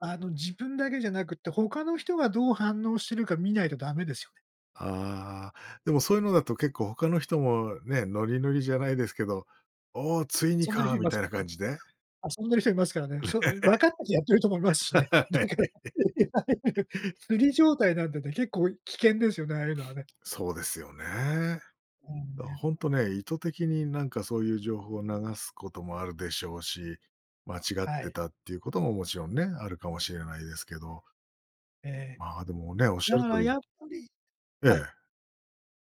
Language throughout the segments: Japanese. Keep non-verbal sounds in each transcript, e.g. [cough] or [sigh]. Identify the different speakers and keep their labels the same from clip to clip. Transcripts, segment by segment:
Speaker 1: あの自分だけじゃなくて、他の人がどう反応してるか見ないとダメですよね。
Speaker 2: ああ、でもそういうのだと結構他の人もね、ノリノリじゃないですけど、「お、ついにか」
Speaker 1: [unintelligible] い
Speaker 2: み
Speaker 1: ます
Speaker 2: たい
Speaker 1: か
Speaker 2: な
Speaker 1: ら
Speaker 2: 感
Speaker 1: ね
Speaker 2: じで。
Speaker 1: 遊んでる人いますからね。そういう、分かっててやってる人もいますしね。だから
Speaker 2: [laughs]
Speaker 1: いわゆる釣り状態なんでね、結構危険ですよね、ああいうのは
Speaker 2: [sniffs]
Speaker 1: ね。
Speaker 2: そうですよね。
Speaker 1: うん、
Speaker 2: だから
Speaker 1: ね。
Speaker 2: ほんとね、意図的になんかそういう情報を流すこともあるでしょうし、間違っ
Speaker 1: は
Speaker 2: て
Speaker 1: い。
Speaker 2: たっていうことも、もちろんね、あるかもしれないですけど
Speaker 1: ええ、
Speaker 2: まあ、でもね、おっしゃ
Speaker 1: だ
Speaker 2: る
Speaker 1: から
Speaker 2: 通り
Speaker 1: やっぱり
Speaker 2: え
Speaker 1: はい。
Speaker 2: え。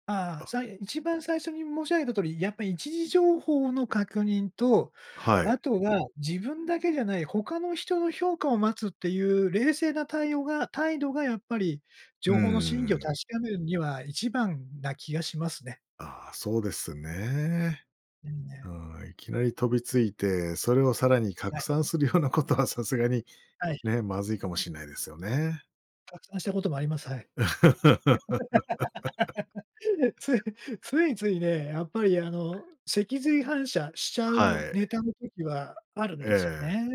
Speaker 1: ああ、
Speaker 2: あ。
Speaker 1: さい一番最初に申し上げた通り、やっぱ、一次情報の確認と、
Speaker 2: はい。
Speaker 1: あとは自分だけじゃない、他の人の評価を待つっていう冷静な対応が態度がやっぱり、
Speaker 2: う
Speaker 1: 情報の真偽を確
Speaker 2: ん。
Speaker 1: かめるには一番な気がしますね。
Speaker 2: ああ、そうですね。
Speaker 1: うん、ね。
Speaker 2: ああ、いきなり飛びついて、それをさらに
Speaker 1: は
Speaker 2: 拡
Speaker 1: い。
Speaker 2: 散するようなことはさすがに
Speaker 1: はい。
Speaker 2: ね、まずいかもしんないですよね。
Speaker 1: 拡散したこともあります。はい。
Speaker 2: [laughs]
Speaker 1: [laughs] つい、ついついね、やっぱり、あの、脊髄反射しちゃ
Speaker 2: は
Speaker 1: う
Speaker 2: い。
Speaker 1: ネタの時はあるん
Speaker 2: え
Speaker 1: ですよ
Speaker 2: え。
Speaker 1: ね。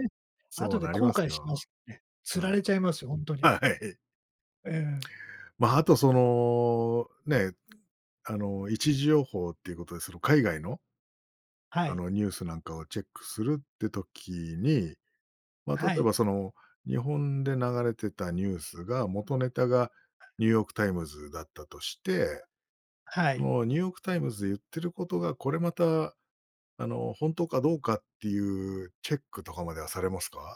Speaker 2: そ
Speaker 1: 後
Speaker 2: う
Speaker 1: で
Speaker 2: なり
Speaker 1: 後
Speaker 2: ます
Speaker 1: 悔し
Speaker 2: よ。
Speaker 1: ますよね。
Speaker 2: う
Speaker 1: 釣ら
Speaker 2: ん。
Speaker 1: れちゃいますよ、ほんとに。
Speaker 2: はい。
Speaker 1: ええ。
Speaker 2: ま、あとそのね、あの、一次情報っていうことでその海外の
Speaker 1: は
Speaker 2: あ
Speaker 1: い。
Speaker 2: の、ニュースなんかをチェックするって時に、ま、例
Speaker 1: は
Speaker 2: え
Speaker 1: い。
Speaker 2: ばその、日本で流れてたニュースが元ネタがニューヨークタイムズだったとして、
Speaker 1: は
Speaker 2: あ
Speaker 1: い。
Speaker 2: の、ニューヨークタイムズで言ってることが、これまた、あの、本当かどうかっていうチェックとかまではされますか？